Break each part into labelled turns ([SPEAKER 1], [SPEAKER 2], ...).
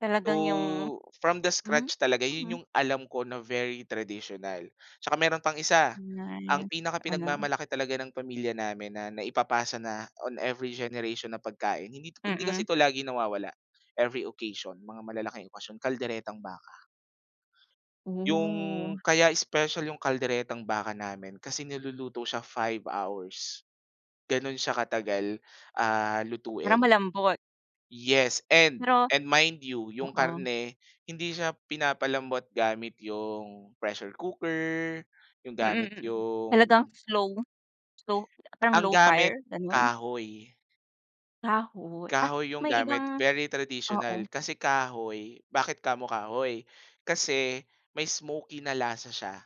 [SPEAKER 1] Talagang 'yung
[SPEAKER 2] So, from the
[SPEAKER 1] hmm,
[SPEAKER 2] scratch talaga,
[SPEAKER 1] mhm.
[SPEAKER 2] 'yun 'yung alam ko na very traditional. 'Tsaka meron pang isa,
[SPEAKER 1] Na
[SPEAKER 2] ang pinaka
[SPEAKER 1] ano?
[SPEAKER 2] pinag-mamalaki talaga ng pamilya namin na naipapasa na on every generation na pagkain, hindi 'to hindi kasi
[SPEAKER 1] Mm.
[SPEAKER 2] ito lagi nawawala, every occasion, mga malalaking okasyon, kalderetang baka. 'Yung
[SPEAKER 1] Oh.
[SPEAKER 2] kaya special 'yung kalderetang baka namin kasi niluluto siya 5 hours. Gano'n siya katagal, ah,
[SPEAKER 1] Para
[SPEAKER 2] lutuin.
[SPEAKER 1] malambot.
[SPEAKER 2] Yes and
[SPEAKER 1] Pero
[SPEAKER 2] and mind you, 'yung
[SPEAKER 1] oo.
[SPEAKER 2] karne, hindi siya pinapalambot gamit 'yung pressure cooker, 'yung
[SPEAKER 1] Mm,
[SPEAKER 2] gamit
[SPEAKER 1] mm. Talagang
[SPEAKER 2] 'yung
[SPEAKER 1] slow slow parang
[SPEAKER 2] ang
[SPEAKER 1] low fire
[SPEAKER 2] gamit
[SPEAKER 1] gano'n?
[SPEAKER 2] kahoy.
[SPEAKER 1] Kahoy, ah,
[SPEAKER 2] Kahoy 'yung
[SPEAKER 1] may
[SPEAKER 2] gamit
[SPEAKER 1] ibang
[SPEAKER 2] very traditional,
[SPEAKER 1] oo.
[SPEAKER 2] kasi kahoy, bakit kamo kahoy? Kasi, may smokey na lasa siya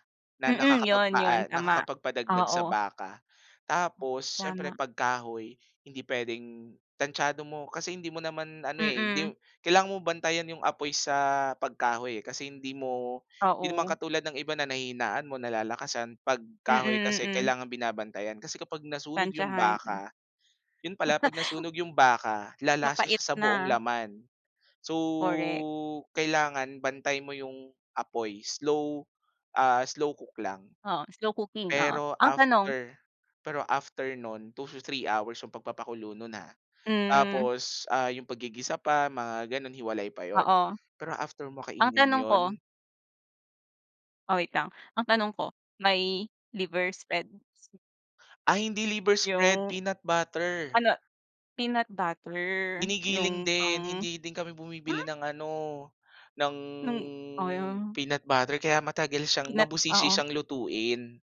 [SPEAKER 2] na
[SPEAKER 1] Mm, 'yun 'yun
[SPEAKER 2] nakakapagpaa
[SPEAKER 1] tama,
[SPEAKER 2] nakakapag-padagdag sa
[SPEAKER 1] oo.
[SPEAKER 2] baka. Tapos, siyempre
[SPEAKER 1] Tama.
[SPEAKER 2] pag kahoy, hindi puwedeng tantsado mo, kasi hindi mo naman ano eh, hindi
[SPEAKER 1] Mm.
[SPEAKER 2] mo kailangan mo bantayan 'yung apoy sa pag kahoy eh, kasi hindi mo, hindi naman
[SPEAKER 1] Oo.
[SPEAKER 2] katulad ng iba na nahihinaan mo, nalalakasan, pag kahoy
[SPEAKER 1] Mm,
[SPEAKER 2] kasi
[SPEAKER 1] mm.
[SPEAKER 2] kailangang binabantayan kasi kapag nasunog 'yung
[SPEAKER 1] Tantsahan.
[SPEAKER 2] baka, 'yun pala 'pag nasunog 'yung baka, lalasa siya
[SPEAKER 1] Mapait
[SPEAKER 2] sa buong
[SPEAKER 1] na.
[SPEAKER 2] laman. So,
[SPEAKER 1] Korek.
[SPEAKER 2] kailangan bantay mo 'yung apoy, slow, ah, slow cook lang.
[SPEAKER 1] Oo, slow cooking, oo.
[SPEAKER 2] Pero
[SPEAKER 1] Ang tanong
[SPEAKER 2] after pero after nun, 2 to 3 hours 'yung pag-papakulo nun, ah.
[SPEAKER 1] Hmm.
[SPEAKER 2] Tapos, ah, 'yung pag-gigisa pa mga gano'n hiwalay pa 'yun.
[SPEAKER 1] Oo.
[SPEAKER 2] Pero after mo
[SPEAKER 1] Ang
[SPEAKER 2] kainin
[SPEAKER 1] tanong
[SPEAKER 2] 'yun
[SPEAKER 1] ko Ah, wait lang, ang tanong ko, may liver spread?
[SPEAKER 2] Ay hindi liver spread,
[SPEAKER 1] Yung,
[SPEAKER 2] peanut butter.
[SPEAKER 1] ano, peanut butter
[SPEAKER 2] Ginigiling
[SPEAKER 1] 'yung
[SPEAKER 2] din,
[SPEAKER 1] pang
[SPEAKER 2] hindi din kami bumibili
[SPEAKER 1] ay.
[SPEAKER 2] ng ano, ng,
[SPEAKER 1] Nung oh 'yung
[SPEAKER 2] peanut butter kaya matagal siyang,
[SPEAKER 1] Peanut
[SPEAKER 2] mabusisi
[SPEAKER 1] oo.
[SPEAKER 2] siyang lutuin.